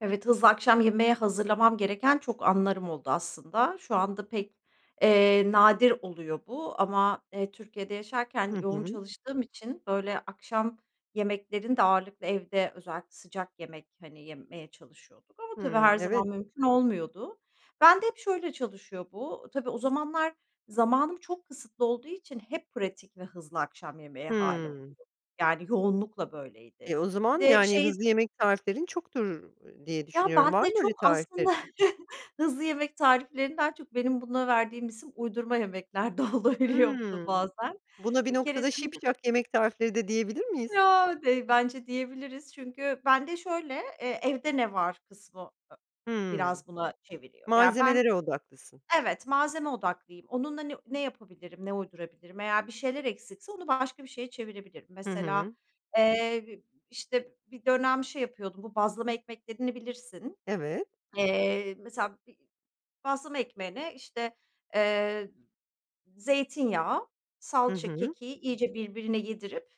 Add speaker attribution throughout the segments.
Speaker 1: Evet, hızlı akşam yemeği hazırlamam gereken çok anlarım oldu aslında. Şu anda pek, eee, nadir oluyor bu. Ama, eee, Türkiye'de yaşarken
Speaker 2: Hı
Speaker 1: yoğun
Speaker 2: hı.
Speaker 1: çalıştığım için, böyle, akşam yemeklerini de ağırlıklı evde, özellikle sıcak yemek, hani, yemeye çalışıyorduk. Ama, tabii,
Speaker 2: Hımm.
Speaker 1: her
Speaker 2: Evet.
Speaker 1: zaman mümkün olmuyordu. Ben de hep şöyle çalışıyor bu tabii, o zamanlar zamanım çok kısıtlı olduğu için hep pratik ve hızlı akşam yemeği hâli
Speaker 2: Hımm.
Speaker 1: oluyor. Yani yoğunlukla böyleydi.
Speaker 2: E, o
Speaker 1: Bir
Speaker 2: zaman
Speaker 1: de
Speaker 2: yani
Speaker 1: şey
Speaker 2: hızlı yemek tariflerin çoktur, ııı, diye
Speaker 1: Ya
Speaker 2: düşünüyorum, var
Speaker 1: bende
Speaker 2: mı öyle
Speaker 1: çok aslında
Speaker 2: tariflerin?
Speaker 1: hızlı yemek tariflerini daha çok benim buna verdiğim isim uydurma yemekler de olabiliyor bu da
Speaker 2: Hımm.
Speaker 1: bazen.
Speaker 2: Buna bir
Speaker 1: Bir
Speaker 2: noktada
Speaker 1: keresinde de
Speaker 2: "şipşak yemek tarifleri" de diyebilir miyiz?
Speaker 1: Ya dey bence diyebiliriz. Çünkü bende şöyle, eee, evde ne var kısmı a
Speaker 2: Hımm.
Speaker 1: biraz buna çeviriyor. Ya ben
Speaker 2: Malzemelere odaklısın.
Speaker 1: Evet, malzeme odaklıyım. Onunla ne ne yapabilirim, ne uydurabilirim? Eğer bir şeyler eksikse, onu başka bir şeye çevirebilirim.
Speaker 2: Hı
Speaker 1: Mesela,
Speaker 2: hı.
Speaker 1: eee, işte, bir dönem şey yapıyordum. Bu bazlama ekmeklerini bilirsin.
Speaker 2: Evet.
Speaker 1: Eee, mesela bir bazlama ekmeğine işte, eee, zeytinyağı,
Speaker 2: Hı
Speaker 1: salça,
Speaker 2: hı.
Speaker 1: kekiği iyice birbirine yedirip,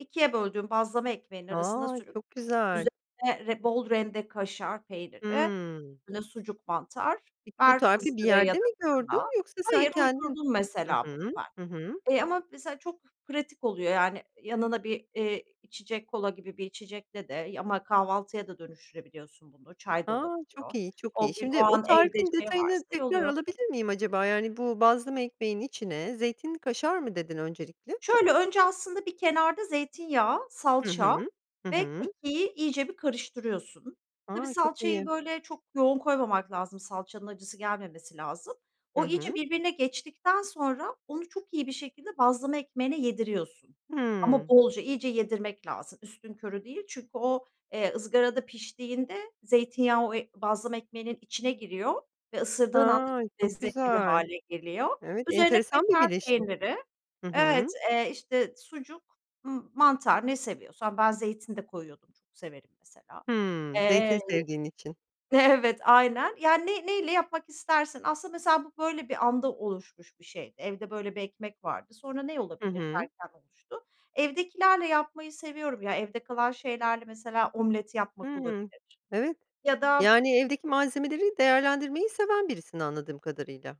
Speaker 1: 2'ye böldüğüm bazlama ekmeğinin arasına
Speaker 2: A!
Speaker 1: sürüp
Speaker 2: Çok güzel.
Speaker 1: üzerine re bol rende kaşar peyniri,
Speaker 2: Hımm.
Speaker 1: böyle, sucuk, mantar
Speaker 2: Peki bu
Speaker 1: ver
Speaker 2: tarifi bir
Speaker 1: ızgaraya ya
Speaker 2: yerde
Speaker 1: da
Speaker 2: mi
Speaker 1: fırına.
Speaker 2: gördün yoksa sen
Speaker 1: Hayır,
Speaker 2: kendin
Speaker 1: uydurdum
Speaker 2: Hı
Speaker 1: mesela
Speaker 2: hı.
Speaker 1: bunu ben.
Speaker 2: Hı hı.
Speaker 1: Eee, ama mesela çok pratik oluyor yani yanına bir, eee, içecek kola gibi bir içecekle de y ama kahvaltıya da dönüştürebiliyorsun bunu çay da
Speaker 2: A,
Speaker 1: olabiliyor.
Speaker 2: çok iyi, çok iyi.
Speaker 1: O gün, o
Speaker 2: Şimdi o
Speaker 1: an evde,
Speaker 2: tarifin
Speaker 1: işte, ne
Speaker 2: detayını
Speaker 1: varsa y
Speaker 2: tekrar
Speaker 1: oluyor.
Speaker 2: alabilir miyim acaba? Yani bu "Bazlama ekmeğinin içine zeytinli kaşar." mı dedin öncelikle?
Speaker 1: Şöyle önce aslında bir kenarda zeytinyağı,
Speaker 2: Hı
Speaker 1: salça
Speaker 2: hı, hı
Speaker 1: ve
Speaker 2: hı.
Speaker 1: kekiği iyice bir karıştırıyorsun. Tabii,
Speaker 2: A! çok
Speaker 1: salçayı,
Speaker 2: iyi.
Speaker 1: böyle, çok yoğun koymamak lazım. Salçanın acısı gelmemesi lazım.
Speaker 2: Hı
Speaker 1: O iyice
Speaker 2: hı.
Speaker 1: birbirine geçtikten sonra, onu çok iyi bir şekilde bazlama ekmeğine yediriyorsun. Ama
Speaker 2: Hımm.
Speaker 1: bolca, iyice yedirmek lazım, üstünkörü değil. Çünkü o, eee, ızgarada piştiğinde, zeytinyağı o ı bazlama ekmeğinin içine giriyor ve ısırdığın anda
Speaker 2: Ha!
Speaker 1: çok
Speaker 2: Çok
Speaker 1: lezzetli bir
Speaker 2: güzel!
Speaker 1: hâle geliyor.
Speaker 2: Evet,
Speaker 1: Üzerine
Speaker 2: enteresan bir
Speaker 1: kaşar
Speaker 2: birleşim.
Speaker 1: peyniri
Speaker 2: Hı hı.
Speaker 1: evet, eee, işte, sucuk, ımm, mantar ne seviyorsan, ben zeytin de koyuyordum, çok severim mesela.
Speaker 2: Hımm. Zeytin
Speaker 1: Eee
Speaker 2: sevdiğin için.
Speaker 1: Evet, aynen. Yani ney neyle yapmak istersin aslında mesela bu böyle bir anda oluşmuş bir şey evde böyle bir ekmek vardı, sonra ne
Speaker 2: Hı
Speaker 1: olabilir
Speaker 2: hı.
Speaker 1: derken oluştu. Evdekilerle yapmayı seviyorum ya, evde kalan şeylerle mesela omlet yapmak
Speaker 2: Hıı.
Speaker 1: olabilir
Speaker 2: Evet.
Speaker 1: ya da
Speaker 2: Yani evdeki malzemeleri değerlendirmeyi seven birisin anladığım kadarıyla.